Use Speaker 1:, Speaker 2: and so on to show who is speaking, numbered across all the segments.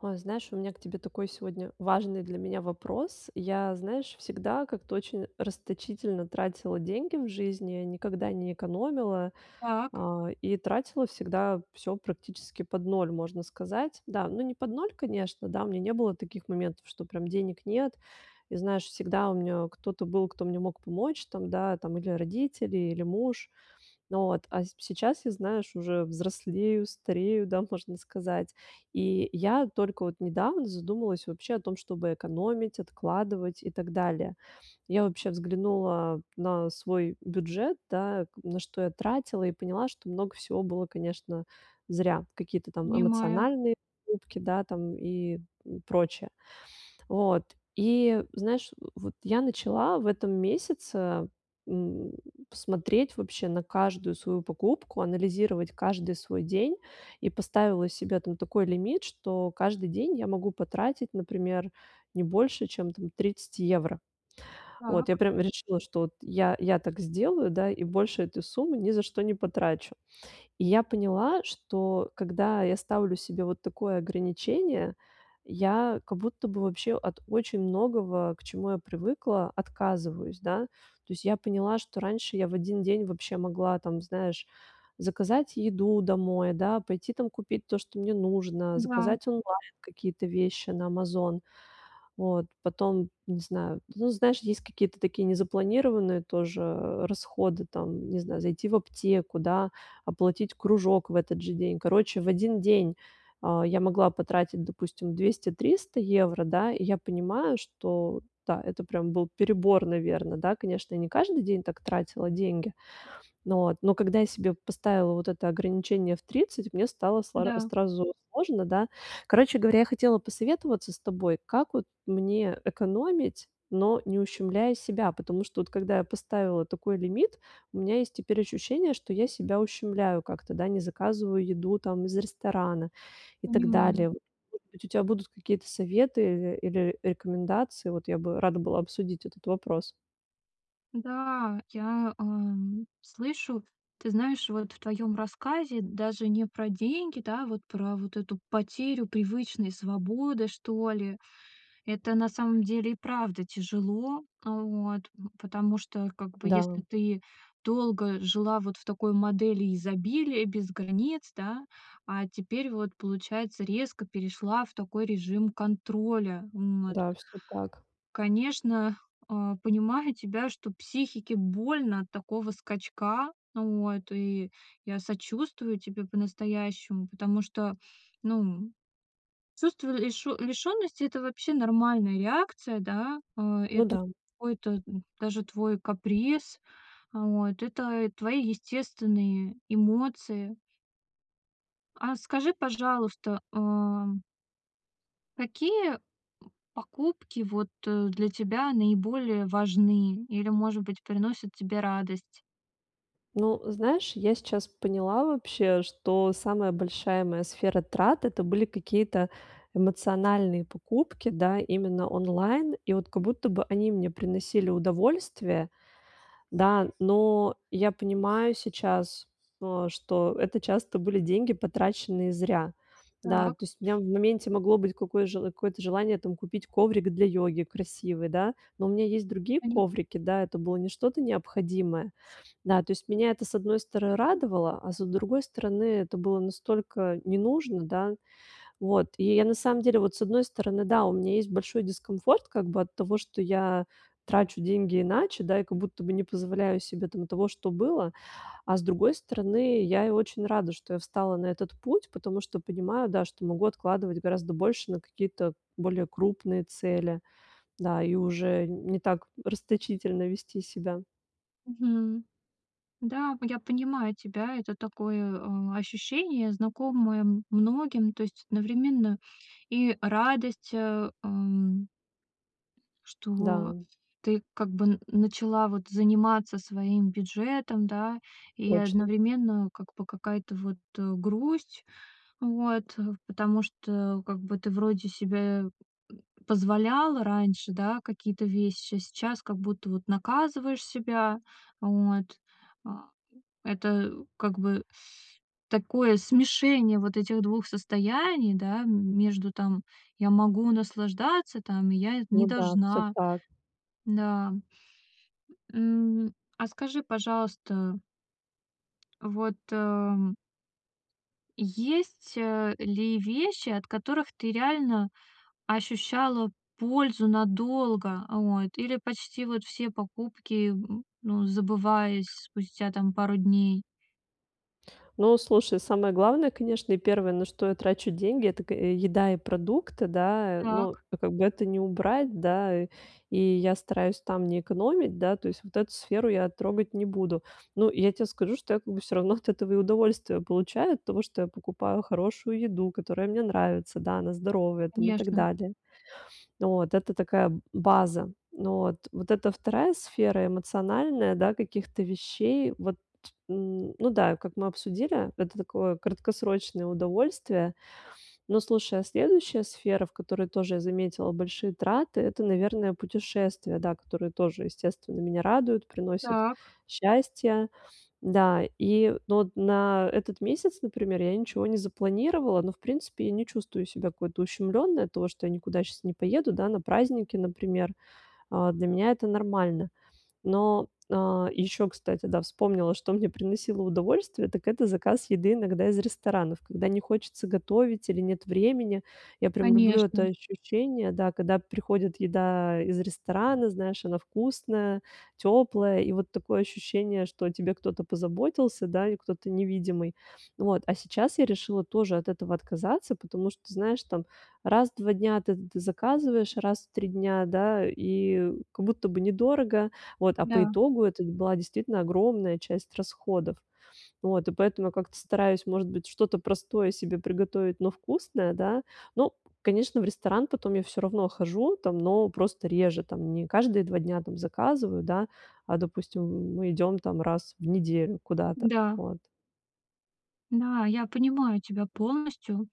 Speaker 1: Ой, знаешь, у меня к тебе такой сегодня важный для меня вопрос. Я, знаешь, всегда как-то очень расточительно тратила деньги в жизни, никогда не экономила,
Speaker 2: Так.
Speaker 1: а, и тратила всегда всё практически под ноль, можно сказать. Да, ну, не под ноль, конечно, да, у меня не было таких моментов, что прям денег нет. И знаешь, всегда у меня кто-то был, кто мне мог помочь там, да, там или родители, или муж. Ну вот, а п сейчас я, знаешь, уже взрослею, старею, да, можно сказать. И я только вот недавно задумалась вообще о том, чтобы экономить, откладывать и так далее. Я вообще взглянула на свой бюджет, да, на что я тратила и поняла, что много всего было, конечно, зря, какие-то там
Speaker 2: Понимаю.
Speaker 1: эмоциональные покупки, да, там и прочее. Вот и знаешь, вот я начала в этом месяце, м, смотреть вообще на каждую свою покупку, анализировать каждый свой день и поставила себе там такой лимит, что каждый день я могу потратить, например, не больше, чем там 30 евро. Вот я
Speaker 2: Так.
Speaker 1: прямо решила, что вот я я так сделаю, да, и больше этой суммы ни за что не потрачу. И я поняла, что когда я ставлю себе вот такое ограничение, я как будто бы вообще от очень многого, к чему я привыкла, отказываюсь, да. То есть я поняла, что раньше я в один день вообще могла там, знаешь, заказать еду домой, да, пойти там купить то, что мне нужно,
Speaker 2: Да.
Speaker 1: заказать онлайн какие-то вещи на "Амазон". Вот потом, не знаю, ну, знаешь, есть какие-то такие незапланированные тоже расходы, там, не знаю, зайти в аптеку, да, оплатить кружок в этот же день. Короче, в один день, а, я могла потратить, допустим, 200-300 евро, да. И я понимаю, что, да, это прям был перебор, наверно. Да, конечно, я не каждый день так тратила деньги, ну вот. Но когда я себе поставила вот это ограничение в 30, мне стало слар
Speaker 2: Да.
Speaker 1: сразу сложно, да. Короче говоря, я хотела посоветоваться с тобой, как вот мне экономить, но не ущемляя себя? Потому что вот когда я поставила вот такой лимит, у меня есть теперь ощущение, что я себя ущемляю как-то, да, не заказываю еду там из ресторана и так
Speaker 2: Понимаю.
Speaker 1: далее. Может быть, у тебя будут какие-то советы иры или рекомендации? Вот я бы рада была обсудить этот вопрос.
Speaker 2: Да, я, эм, слышу, ты знаешь, вот в твоём рассказе даже не про деньги, да, вот про вот эту потерю привычной свободы, что ли. Это на самом деле и правда тяжело, э, вот. В потому что, как бы,
Speaker 1: Да.
Speaker 2: если ты долго жила вот в такой модели изобилия и без границ, да, а теперь вот, получается, резко перешла в такой режим контроля. М, вот.
Speaker 1: Да, всё так.
Speaker 2: Конечно, а, понимаю тебя, что психике больно от такого скачка. Вот, и я сочувствую тебе по-настоящему. Потому что, ну, м, чувство лишё лишённости- это вообще нормальная реакция, да. Э,
Speaker 1: Ну
Speaker 2: это
Speaker 1: да.
Speaker 2: какой-то даже твой каприз. Вот, это и твои естественные эмоции. А скажи, пожалуйста, ам какие, покупки, вот, э, для тебя наиболее важны или, может быть, приносят тебе радость?
Speaker 1: Ну, знаешь, я сейчас поняла вообще, что самая большая моя сфера трат- это были какие-то эмоциональные покупки, да, именно онлайн. И вот как будто бы они мне приносили удовольствие. Да, но я понимаю сейчас то, что это часто были деньги, потраченные зря. Да, то
Speaker 2: Так.
Speaker 1: есть у меня в моменте могло быть какое жел какое-то желание там купить коврик для йоги, красивый, да, но у меня есть другие
Speaker 2: Пони
Speaker 1: коврики. Да, это было не что-то необходимое. Да, то есть меня это, с одной стороны радовало, а с другой стороны, это было настолько не нужно, да. Вот и я на самом деле, вот с одной стороны, да, у меня есть большой дискомфорт как бы от того, что я трачу деньги иначе, да, и как будто бы не позволяю себе там того, что было. А с другой стороны, я и очень рада, что я встала на этот путь, потому что понимаю, да, что могу откладывать гораздо больше на какие-то более крупные цели. Да, и уже не так расточительно вести себя.
Speaker 2: Мгм. Да, в я понимаю тебя. Это такое, а, ощущение, знакомое м многим. То есть одновременно и радость, э, эм что
Speaker 1: Да.
Speaker 2: ты, как бы, н начала, вот, заниматься своим бюджетом, да, и
Speaker 1: Точно.
Speaker 2: одновременно, как бы, какая-то вот, э, грусть. Вот, потому что, как бы, ты вроде себе м, м, позволяла раньше, да, какие-то вещи, а сейчас как будто вот наказываешь себя. Вот. А это, как бы, такое смешение вот этих 2 состояний, да, м между там: "Я могу наслаждаться там, и я не
Speaker 1: Ну да, всё
Speaker 2: должна".
Speaker 1: так.
Speaker 2: Да. М, а, скажи, пожалуйста вот, ам Есть, э, ли вещи, от которых ты реально ощущала пользу надолго? Вот, или почти вот все покупки, м, ну, забывались спустя там пару дней?
Speaker 1: Ну, слушай, самое главное, конечно, и первое, на что я трачу деньги- это к еда и продукты, да. Но
Speaker 2: Так.
Speaker 1: как бы это не убрать, да, и я стараюсь там не экономить. Да, то есть вот эту сферу я трогать не буду. Ну, я те скажу, что я как бы всё равно от этого и удовольствие получаю- от того, что я покупаю хорошую еду, которая мне нравится. Да, она здоровая там и так
Speaker 2: Конечно.
Speaker 1: далее. Вот это такая база. Но вот, вот это 2 сфера- эмоциональная, да, каких-то вещей. Вот н ну да, и как мы обсудили, это такое краткосрочное удовольствие. Но, слушай, а следующая сфера, в которой тоже я заметила большие траты- это, наверное, путешествия, да, которые тоже, естественно, меня радуют, приносят
Speaker 2: Так.
Speaker 1: счастье. Да, и ну вот, на этот месяц, например, я ничего не запланировала, но, в принципе, я не чувствую себя какой-то ущемлённой от того, что я никуда щас не поеду, да, на праздники, например. А, для меня это нормально. Но, а, ещё, кстати, да, вспомнила, что мне приносило удовольствие, так это заказ еды иногда из ресторанов, когда не хочется готовить или нет времени. Я прям люблю это
Speaker 2: Конечно.
Speaker 1: ощущение, да, когда приходит еда из ресторана, знаешь, она вкусная, тёплая. И вот такое ощущение, что о тебе кто-то позаботился, да, и кто-то невидимый. Вот. А сейчас я решила тоже от этого отказаться, потому что, знаешь, там раз в 2 дня ты ты заказываешь раз в 3 дня, да, и как будто бы недорого. Вот, а по
Speaker 2: Да.
Speaker 1: итогу это была действительно огромная часть расходов. Вот, и поэтому я как-то стараюсь, может быть, что-то простое себе приготовить, но вкусное, да. Ну, конечно, в ресторан потом я всё равно хожу там, но просто реже там, не каждые 2 дня там заказываю, да, а допустим, мы идём там раз в неделю куда-то.
Speaker 2: Да.
Speaker 1: Вот.
Speaker 2: Да, я понимаю тебя полностью.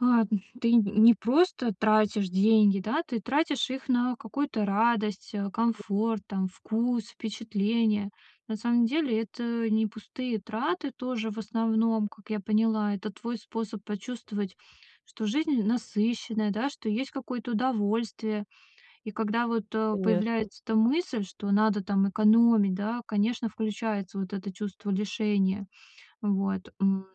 Speaker 2: Ладно, ты нь не просто тратишь деньги, да, ты тратишь их на какую-то радость, э, комфорт, там, вкус, впечатления. На самом деле это не пустые траты тоже, в основном, как я поняла. Это твой способ почувствовать, что жизнь насыщенная, да, что есть какое-то удовольствие. И когда вот, э,
Speaker 1: Конечно.
Speaker 2: появляется эта мысль, что надо, там, экономить, да, конечно, включается вот это чувство лишения. Вот. М,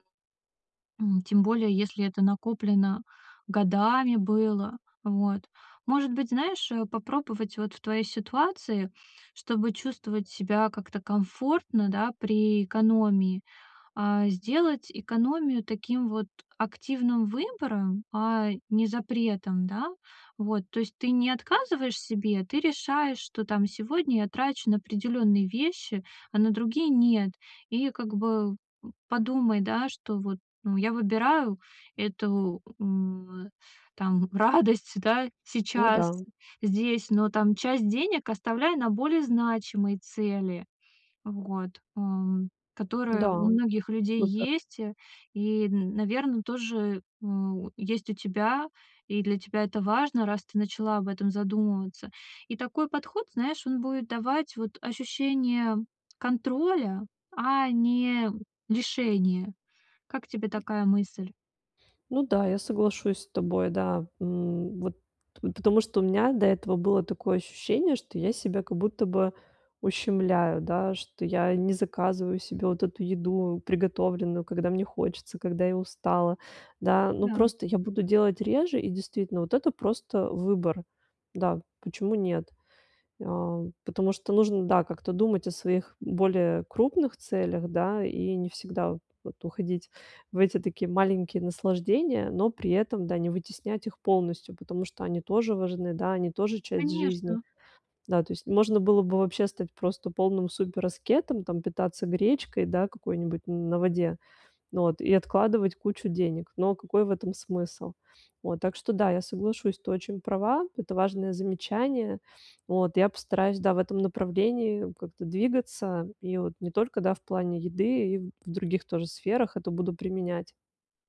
Speaker 2: м, тем более, если это накоплено годами было. Вот. Может быть, знаешь, э, попробовать, вот, в твоей ситуации, чтобы чувствовать себя как-то комфортно, да, при экономии. А, сделать экономию таким вот активным выбором, а не запретом, да. Вот, то есть ты не отказываешь себе, ты решаешь, что, там, сегодня я трачу на определённые вещи, а на другие нет. И как бы, э, подумай, да, что вот, ну, я выбираю эту, м, э, там, радость, да,
Speaker 1: Ну
Speaker 2: сейчас,
Speaker 1: да.
Speaker 2: здесь, но там часть денег оставляй на более значимые цели, вот, ам, которые у
Speaker 1: Да,
Speaker 2: многих людей
Speaker 1: супер.
Speaker 2: есть и, наверное, тоже у есть у тебя, и для тебя это важно, раз ты начала об этом задумываться. И такой подход, знаешь, он будет давать вот ощущение контроля, а не лишения. Как тебе такая мысль?
Speaker 1: Ну да, я соглашусь с тобой, да. М, вот потому что у меня до этого было такое ощущение, что я себя как будто бы ущемляю, да, что я не заказываю себе вот эту еду, приготовленную, когда мне хочется, когда я устала, да. Но
Speaker 2: Да.
Speaker 1: просто я буду делать реже. И действительно, вот это просто выбор. Да, почему нет? Э, потому что нужно, да, как-то думать о своих более крупных целях, да, и не всегда вот уходить в эти такие маленькие наслаждения, но при этом, да, не вытеснять их полностью, потому что они тоже важны, да, они тоже часть жизни.
Speaker 2: Конечно.
Speaker 1: Да, то есть можно было бы вообще стать просто полным супераскетом, там питаться гречкой, да, какой-нибудь на воде вот и откладывать кучу денег. Но какой в этом смысл? Вот так что, да, я соглашусь, ты очень права. Это важное замечание. Вот я постараюсь, да, в этом направлении как-то двигаться. И вот не только, да, в плане еды, и в других тоже сферах это буду применять.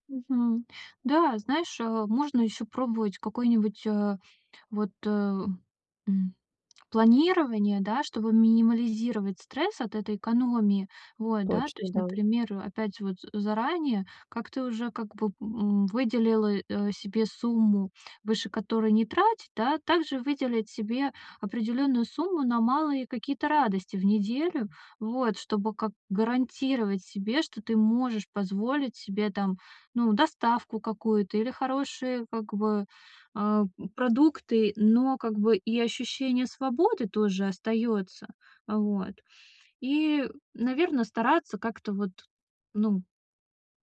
Speaker 2: Мгм. Да, знаешь, э, можно ещё пробовать какое-нибудь, а, вот, э, м, планирование, да, чтобы минимализировать стресс от этой экономии. Вот, да, то
Speaker 1: Точно,
Speaker 2: есть,
Speaker 1: да.
Speaker 2: например, опять же вот заранее как-то уже, как бы, м, выделила, э, себе сумму, выше которой не тратить, да, также выделить себе определённую сумму на малые какие-то радости в неделю, вот, чтобы как гарантировать себе, что ты можешь позволить себе, там, ну, доставку какую-то или хорошие, как бы, а, м, продукты, но, как бы, и ощущение свободы тоже остаётся, вот. И, наверно, стараться как-то вот, ну,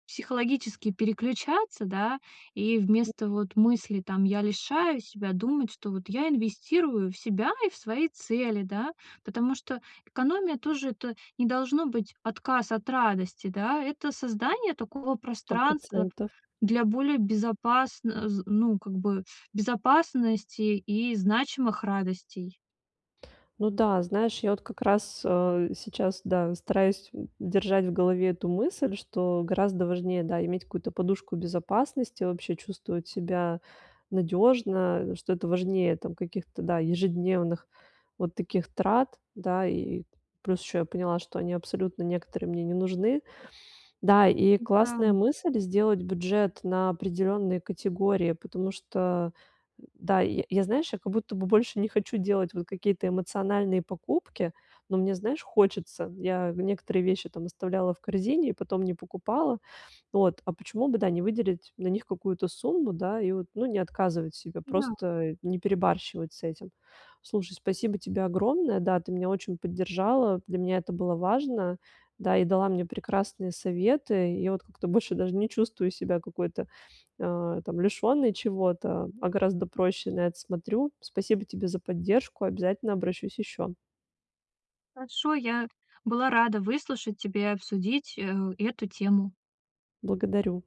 Speaker 2: психологически переключаться, да, и
Speaker 1: М.
Speaker 2: вместо вот мысли, там: "Я лишаю себя", думать, что "вот я инвестирую в себя и в свои цели", да, потому что экономия тоже, это не должно быть отказ от радости, да, это создание такого
Speaker 1: сто
Speaker 2: пространства
Speaker 1: процентов.
Speaker 2: для более безопасно з ну, как бы, безопасности и значимых радостей.
Speaker 1: Ну да, знаешь, я вот как раз, э, сейчас, да, стараюсь держать в голове эту мысль, что гораздо важнее, да, иметь какую-то подушку безопасности, вообще чувствовать себя надежно, что это важнее там каких-то, да, ежедневных вот таких трат. Да, и плюс еще я поняла, что они абсолютно некоторые мне не нужны. Да, и
Speaker 2: Ну
Speaker 1: классная
Speaker 2: да.
Speaker 1: мысль- сделать бюджет на определенные категории, потому что, да, я я, знаешь, я как будто бы больше не хочу делать вот какие-то эмоциональные покупки, но мне, знаешь, хочется. Я некоторые вещи там оставляла в корзине и потом не покупала. Вот, а почему бы, да, не выделить на них какую-то сумму, да, и вот, ну, не отказывать себе?
Speaker 2: Да.
Speaker 1: Просто не перебарщивать с этим? Слушай, спасибо тебе огромное. Да, ты меня очень поддержала. Для меня это было важно, да, и дала мне прекрасные советы. Я вот как-то больше даже не чувствую себя какой-то, э, там лишенной чего-то, а гораздо проще на это смотрю. Спасибо тебе за поддержку. Обязательно обращусь еще.
Speaker 2: Хорошо, я была рада выслушать тебя и обсудить, э, эту тему.
Speaker 1: Благодарю.